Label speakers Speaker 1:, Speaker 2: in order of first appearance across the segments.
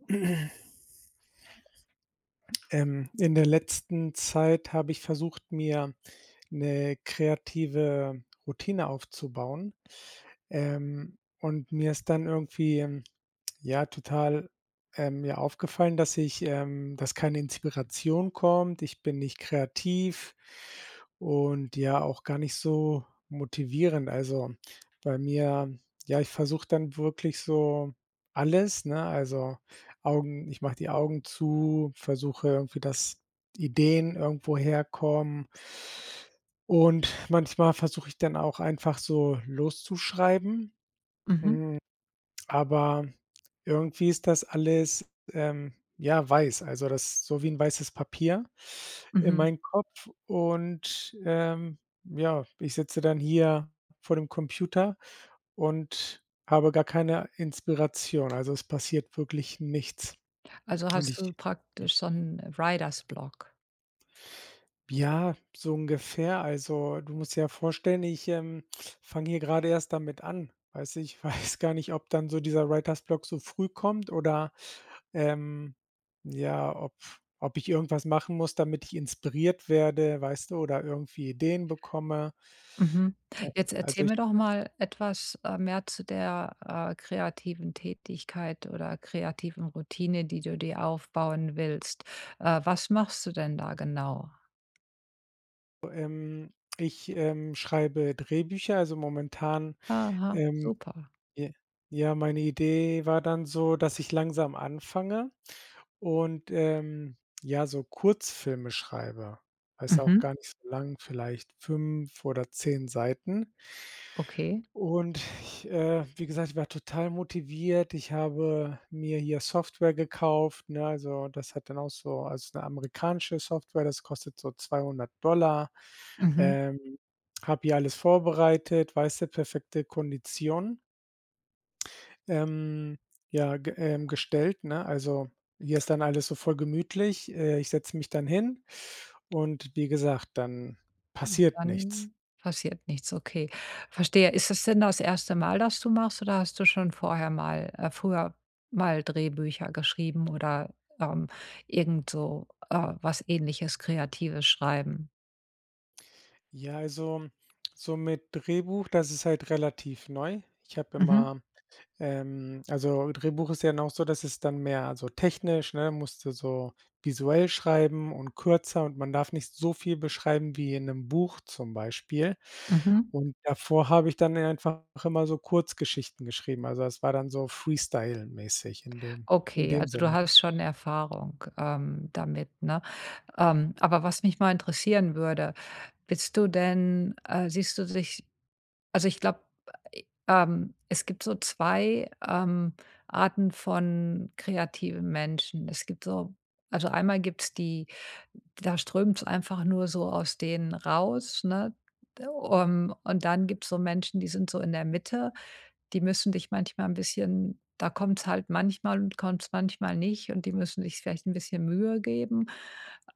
Speaker 1: Ähm, in der letzten Zeit habe ich versucht, mir 'ne kreative Routine aufzubauen, ähm, und mir ist dann irgendwie, ähm, ja total, äh, mir aufgefallen, dass ich ähm, dass keine Inspiration kommt. Ich bin nicht kreativ und, ja, auch gar nicht so motivierend. Also, bei mir, ja, ich versuche dann wirklich so alles, ne, also, Augen ich mach die Augen zu, versuche irgendwie, dass Ideen irgendwoher kommen und manchmal versuche ich dann auch einfach so, loszuschreiben,
Speaker 2: Mhm.
Speaker 1: hm, aber irgendwie ist das alles, ähm, ja, weiß, also, das ist so wie 'n weißes Papier in
Speaker 2: Mhm.
Speaker 1: meinem Kopf und, ähm, ja, ich sitze dann hier vor dem Computer und habe gar keine Inspiration, also, es passiert wirklich nichts.
Speaker 2: Also,
Speaker 1: Und
Speaker 2: hast du
Speaker 1: ich ja.
Speaker 2: praktisch so 'n Writer's Block?
Speaker 1: Ja, so ungefähr, also, du musst dir ja vorstellen, ich, ähm, fange hier gerade erst damit an, weißt du, ich weiß gar nicht, ob dann so dieser Writer's Block so früh kommt oder, ähm, ja, ob ob ich irgendwas machen muss, damit ich inspiriert werde, weißt du, oder irgendwie Ideen bekomme.
Speaker 2: Mhm,
Speaker 1: Äh,
Speaker 2: jetzt
Speaker 1: also,
Speaker 2: erzähl
Speaker 1: ich
Speaker 2: mir doch mal etwas, äh, mehr zu der, äh, kreativen Tätigkeit oder kreativen Routine, die du dir aufbauen willst. Äh, was machst du denn da genau?
Speaker 1: Ähm, ich, ähm, ich schreibe Drehbücher, also, momentan
Speaker 2: Aha,
Speaker 1: ähm,
Speaker 2: super.
Speaker 1: ja ja, meine Idee war dann so, dass ich langsam anfange und, ähm, ja, so Kurzfilme schreibe. Weißt du auch
Speaker 2: Mhm.
Speaker 1: gar nicht so lang, vielleicht 5 oder 10 Seiten.
Speaker 2: Okay.
Speaker 1: Und ich, äh, wie gesagt, ich war total motiviert. Ich habe mir hier Software gekauft, ne, also, das hat dann auch so, also, eine amerikanische Software, das kostet so 200 $,
Speaker 2: Mhm.
Speaker 1: ähm, habe hier alles vorbereitet, weißt du, perfekte Konditionen. Ähm, ja, ge äh, gestellt, ne. Also, hier ist dann alles so voll gemütlich, äh, ich setze mich dann hin und wie gesagt, dann passiert nichts.
Speaker 2: Dann passiert nichts, okay. Verstehe. Ist es denn das erste Mal, dass du machst, oder hast du schon vorher mal äh, früher mal Drehbücher geschrieben oder, ähm, irgendso äh, was Ähnliches, Kreatives schreiben?
Speaker 1: Ja, also, so mit Drehbuch, das ist halt relativ neu. Ich habe
Speaker 2: Mhm.
Speaker 1: immer, ähm also Drehbuch ist ja dann auch so, dass es dann mehr also technisch, ne, musste so visuell schreiben und kürzer und man darf nicht so viel beschreiben wie in 'nem Buch zum Beispiel.
Speaker 2: Mhm.
Speaker 1: Und davor habe ich dann einfach immer so Kurzgeschichten geschrieben. Also, das war dann so freestyle-mäßig in dem in
Speaker 2: Okay,
Speaker 1: dem
Speaker 2: also du
Speaker 1: Sinne.
Speaker 2: hast schon Erfahrung, ähm, damit, ne? Ähm, aber was mich mal interessieren würde. Bist du denn, äh siehst du dich also ich glaube, ähm, es gibt so 2, ähm, Arten von kreativen Menschen. Es gibt so also einmal gibt's die da strömt's einfach nur so aus denen raus, ne? Ähm, und dann gibt's so Menschen, die sind so in der Mitte, die müssen dich manchmal 'n bisschen da kommt's halt manchmal und kommt's manchmal nicht und die müssen sich vielleicht 'n bisschen Mühe geben.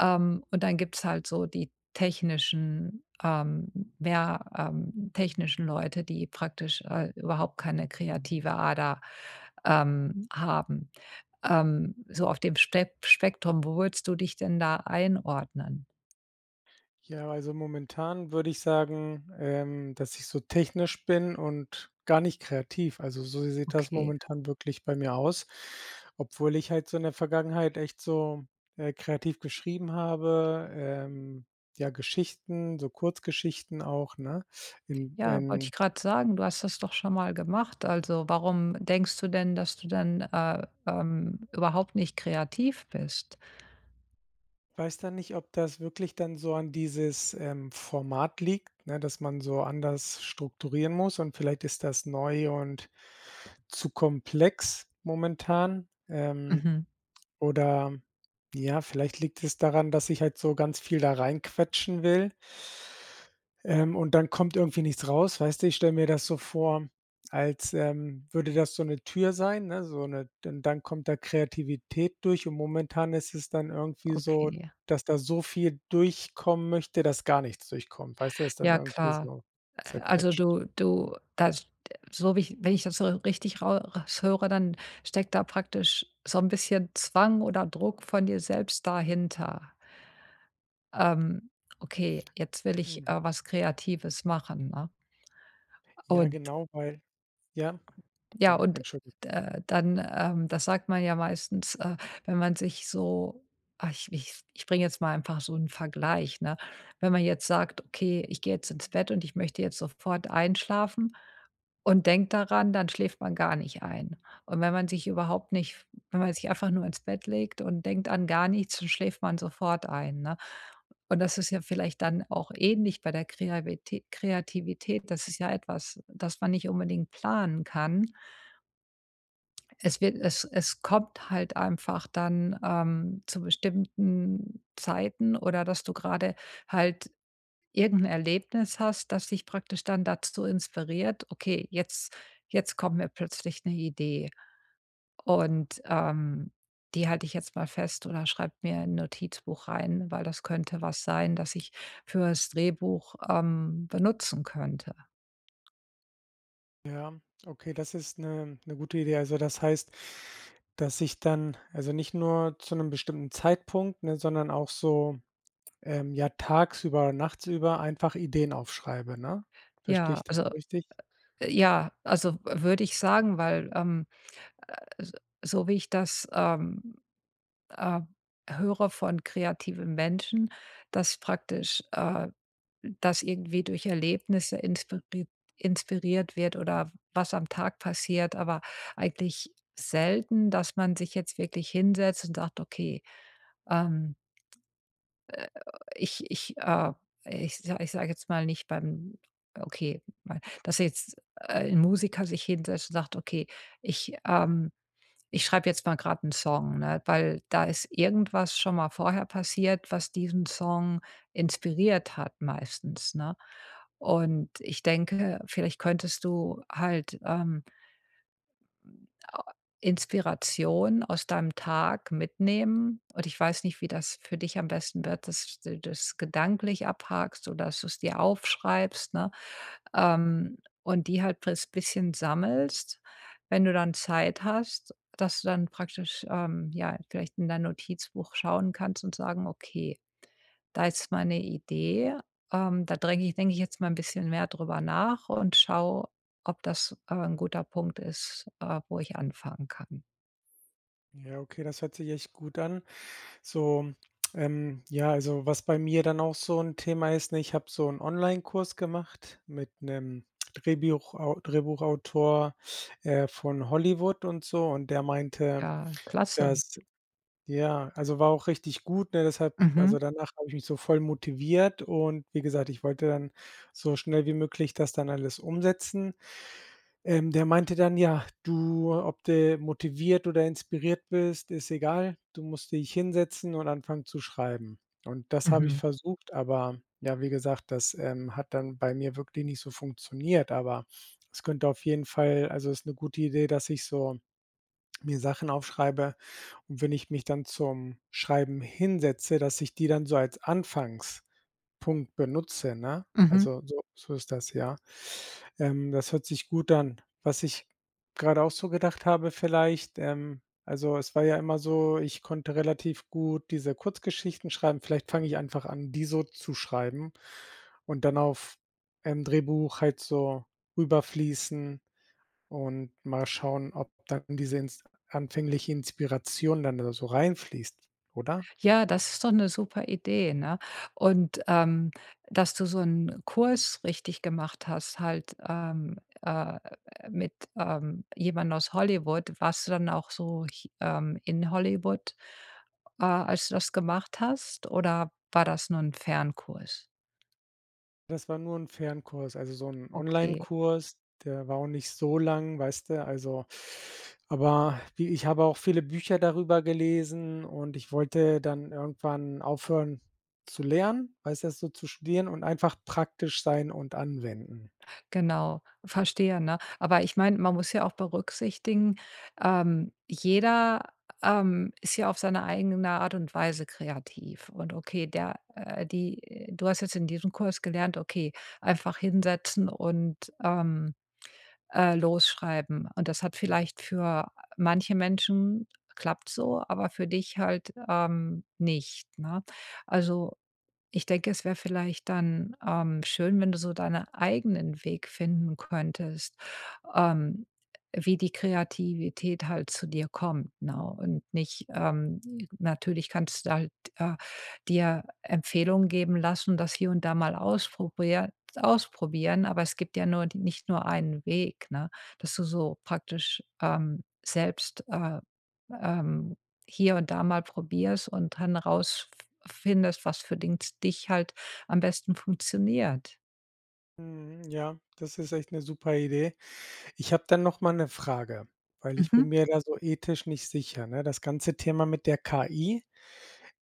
Speaker 2: Ähm, und dann gibt's halt so die technischen ähm, ja, ähm, technischen Leute, die praktisch, äh, überhaupt keine kreative Ader, ähm, haben. Ähm, so auf dem Spek Spektrum, wo würdest du dich denn da einordnen?
Speaker 1: Ja, also, momentan würde ich sagen, ähm, dass ich so technisch bin und gar nicht kreativ. Also, so sieht das
Speaker 2: Okay.
Speaker 1: momentan wirklich bei mir aus. Obwohl ich halt so in der Vergangenheit echt so, äh, kreativ geschrieben habe, ähm, ja Geschichten, so Kurzgeschichten auch, ne, in
Speaker 2: Ja, wollte ich
Speaker 1: in
Speaker 2: grade sagen, du hast das doch schon mal gemacht. Also, warum denkst du denn, dass du denn, äh, ähm, überhaupt nicht kreativ bist?
Speaker 1: Weiß da nicht, ob das wirklich dann so an dieses, ähm, Format liegt, ne? Dass man so anders strukturieren muss und vielleicht ist das neu und zu komplex momentan. Ähm,
Speaker 2: Mhm.
Speaker 1: oder, ja, vielleicht liegt es daran, dass ich halt so ganz viel da rein quetschen will ähm, und dann kommt irgendwie nichts raus, weißt du? Ich stelle mir das so vor, als, ähm, würde das so 'ne Tür sein, ne, so 'ne d dann kommt da Kreativität durch und momentan ist es dann irgendwie
Speaker 2: Okay,
Speaker 1: so,
Speaker 2: ja.
Speaker 1: dass da so viel durchkommen möchte, dass gar nichts durchkommt, weißt du? Ist dann
Speaker 2: Ja,
Speaker 1: irgendwie
Speaker 2: klar.
Speaker 1: so
Speaker 2: Äh, also,
Speaker 1: zerquetscht.
Speaker 2: du du das d so wie ich wenn ich das so richtig rau raus höre, dann steckt da praktisch so 'n bisschen Zwang oder Druck von dir selbst dahinter. „Ähm, okay, jetzt will ich,
Speaker 1: Mhm.
Speaker 2: äh, was Kreatives machen“, ne?
Speaker 1: Ja,
Speaker 2: Und
Speaker 1: genau, weil ja.
Speaker 2: Ja,
Speaker 1: Dung
Speaker 2: und,
Speaker 1: Entschuldi
Speaker 2: äh, dann, ähm da sagt man ja meistens, äh, wenn man sich so ach, ich ich ich bringe jetzt mal einfach so 'nen Vergleich, ne? Wenn man jetzt sagt: „Okay, ich gehe jetzt ins Bett und ich möchte jetzt sofort einschlafen“ und denkt daran, dann schläft man gar nicht ein. Und wenn man sich überhaupt nicht wenn man sich einfach nur ins Bett legt und denkt an gar nichts, dann schläft man sofort ein, ne? Und das ist ja vielleicht dann auch ähnlich bei der Kreavitä Kreativität. Das ist ja etwas, das man nicht unbedingt planen kann. Es wird es es kommt halt einfach dann, ähm, zu bestimmten Zeiten oder dass du grade halt irgendein Erlebnis hast, das dich praktisch dann dazu inspiriert: „Okay, jetzt jetzt kommt wir plötzlich 'ne Idee. Und, ähm, die halte ich jetzt mal fest oder schreibe mir in Notizbuch rein, weil das könnte was sein, das ich fürs Drehbuch, ähm, benutzen könnte.“
Speaker 1: Ja, okay, das ist 'ne 'ne gute Idee. Also, das heißt, dass ich dann also nicht nur zu 'nem bestimmten Zeitpunkt, ne, sondern auch so, ähm, ja, tagsüber, nachtsüber einfach Ideen aufschreibe, ne? Verstehe
Speaker 2: Ja,
Speaker 1: ich das
Speaker 2: also
Speaker 1: richtig?
Speaker 2: ja, also w würde ich sagen, weil, ähm, äh, s so wie ich das, ähm ähm, höre von kreativen Menschen, dass praktisch, äh, das irgendwie durch Erlebnisse inspiriert inspiriert wird oder was am Tag passiert, aber eigentlich selten, dass man sich jetzt wirklich hinsetzt und sagt: „Okay, ähm“ äh, ich ich, äh, ich sa ich sage jetzt mal nicht beim, okay mein dass jetzt, äh, 'n Musiker sich hinsetzt und sagt: „Okay, ich, ähm ich schreibe jetzt mal grad 'n Song, ne, weil da ist irgendwas schon mal vorher passiert, was diesen Song inspiriert hat meistens, ne?“ Und ich denke, vielleicht könntest du halt, ähm äh, inspiration aus deinem Tag mitnehmen und ich weiß nicht, wie das für dich am besten wird, dass du das gedanklich abhackst oder dass du es dir aufschreibst, ne, ähm, und die halt [unintelligible] bisschen sammelst, wenn du dann Zeit hast, dass du dann praktisch, ähm, ja, vielleicht in dein Notizbuch schauen kannst und sagen: „Okay, da ist meine Idee. Ähm, da dränge ich denke ich denke ich, jetzt mal 'n bisschen mehr drüber nach und schaue, ob das, äh, 'n guter Punkt ist, äh, wo ich anfangen kann.“
Speaker 1: Ja okay, das hört sich echt gut an. So, ähm, ja, also, was bei mir dann auch so 'n Thema ist, ne: Ich habe so 'n Onlinekurs gemacht mit 'nem Drehbiuchau Drehbuchautor, äh, von Hollywood und so. Und der meinte,
Speaker 2: Ja, klasse.
Speaker 1: dass ja, also, war auch richtig gut, ne? Deshalb
Speaker 2: Mhm.
Speaker 1: also, danach habe ich mich so voll motiviert und wie gesagt, ich wollte dann so schnell wie möglich das dann alles umsetzen. Ähm, der meinte dann: „Ja, du ob du motiviert oder inspiriert bist, ist egal. Du musst dich hinsetzen und anfangen zu schreiben.“ Und das habe ich
Speaker 2: Mhm.
Speaker 1: versucht, aber, ja, wie gesagt, das, ähm, hat dann bei mir wirklich nicht so funktioniert. Aber es könnte auf jeden Fall also, ist 'ne gute Idee, dass ich so mir Sachen aufschreibe und wenn ich mich dann zum Schreiben hinsetze, dass ich die dann so als Anfangspunkt benutze, ne?
Speaker 2: Mhm.
Speaker 1: Also, so so ist das, ja? Ähm, das hört sich gut an. Was ich grade auch so gedacht habe vielleicht: „Ähm, also, es war ja immer so, ich konnte relativ gut diese Kurzgeschichten schreiben. Vielleicht fange ich einfach an, die so zu schreiben und dann auf, ähm, Drehbuch halt so rüber fließen und mal schauen, ob dann diese Ins anfängliche Inspiration dann da so rein fließt“, oder?
Speaker 2: Ja, das ist doch 'ne super Idee, ne? Und, ähm, dass du so 'n Kurs richtig gemacht hast halt, ähm, äh, mit, ähm, jemandem aus Hollywood. Warst du dann auch so ch ähm, in Hollywood, äh, als du das gemacht hast oder war das nur 'n Fernkurs?
Speaker 1: Das war nur 'n Fernkurs, also so 'n
Speaker 2: Okay.
Speaker 1: Onlinekurs, der war auch nicht so lang, weißt du, also aber wie ich habe auch viele Bücher darüber gelesen und ich wollte dann irgendwann aufhören zu lernen, weißt du, das so zu studieren und einfach praktisch sein und anwenden.
Speaker 2: Genau, verstehe, ne? Aber ich meine, man muss ja auch berücksichtigen, ähm, jeder, ähm, ist ja auf seine eigene Art und Weise kreativ. Und okay, der, äh die du hast jetzt in diesem Kurs gelernt, okay, einfach hinsetzen und, ähm, äh, los schreiben. Und das hat vielleicht für manche Menschen klappt's so, aber für dich halt, ähm, nicht, ne? Also, ich denke, es wäre vielleicht dann, ähm, schön, wenn du so deinen eigenen Weg finden könntest, ähm, wie die Kreativität halt zu dir kommt, ne? Und nicht, ähm natürlich kannst du halt, äh, dir Empfehlungen geben lassen, das hier und da mal ausprobier ausprobieren aber es gibt ja nur die nicht nur einen Weg, ne, dass du so praktisch, ähm, selbst, äh, ähm, hier und da mal probierst und dann rausf findest, was für den dich halt am besten funktioniert.
Speaker 1: Mhm, ja, das ist echt 'ne super Idee. Ich habe dann noch mal 'ne Frage, weil ich bin
Speaker 2: Mhm.
Speaker 1: mir da so ethisch nicht sicher, ne? Das ganze Thema mit der KI,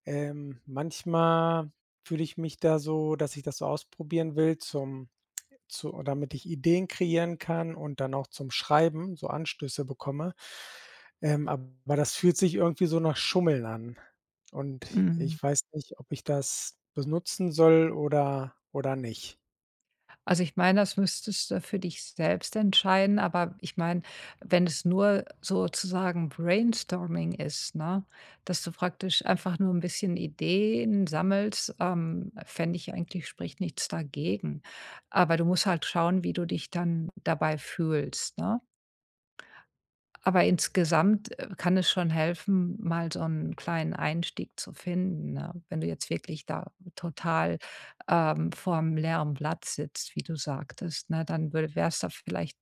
Speaker 1: ähm, manchmal fühle ich mich da so, dass ich das so ausprobieren will zum zu damit ich Ideen kreieren kann und dann auch zum Schreiben so Anstöße bekomme, ähm, aber das fühlt sich irgendwie so nach Schummeln an. Und
Speaker 2: Hm.
Speaker 1: ich weiß nicht, ob ich das benutzen soll oder oder nicht?
Speaker 2: Also ich meine, das müsstest du für dich selbst entscheiden, aber ich meine, wenn es nur sozusagen Brainstorming ist, ne? Dass du praktisch einfach nur 'n bisschen Ideen sammelst, ähm, fände ich eigentlich spricht nichts dagegen. Aber du musst halt schauen, wie du dich dann dabei fühlst, ne? Aber insgesamt, äh, kann es schon helfen, mal so 'n kleinen Einstieg zu finden, ne? Wenn du jetzt wirklich da total, ähm, vorm leeren Blatt sitzt, wie du sagtest, ne? Dann würde wär's da vielleicht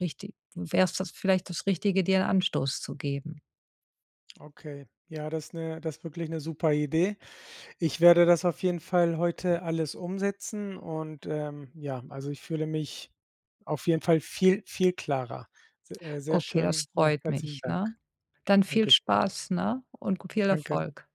Speaker 2: richtig wär's das vielleicht das Richtige, dir 'n Anstoß zu geben.
Speaker 1: Okay, ja, das ist 'ne das ist wirklich 'ne super Idee. Ich werde das auf jeden Fall heute alles umsetzen und, ähm, ja, also ich fühle mich auf jeden Fall viel, viel klarer. Se sehr
Speaker 2: Okay, das
Speaker 1: schön, ja,
Speaker 2: freut
Speaker 1: herzlichen
Speaker 2: mich,
Speaker 1: Dank.
Speaker 2: ne? Dann viel
Speaker 1: Dankeschön.
Speaker 2: Spaß, ne? Und g viel
Speaker 1: Danke.
Speaker 2: Erfolg.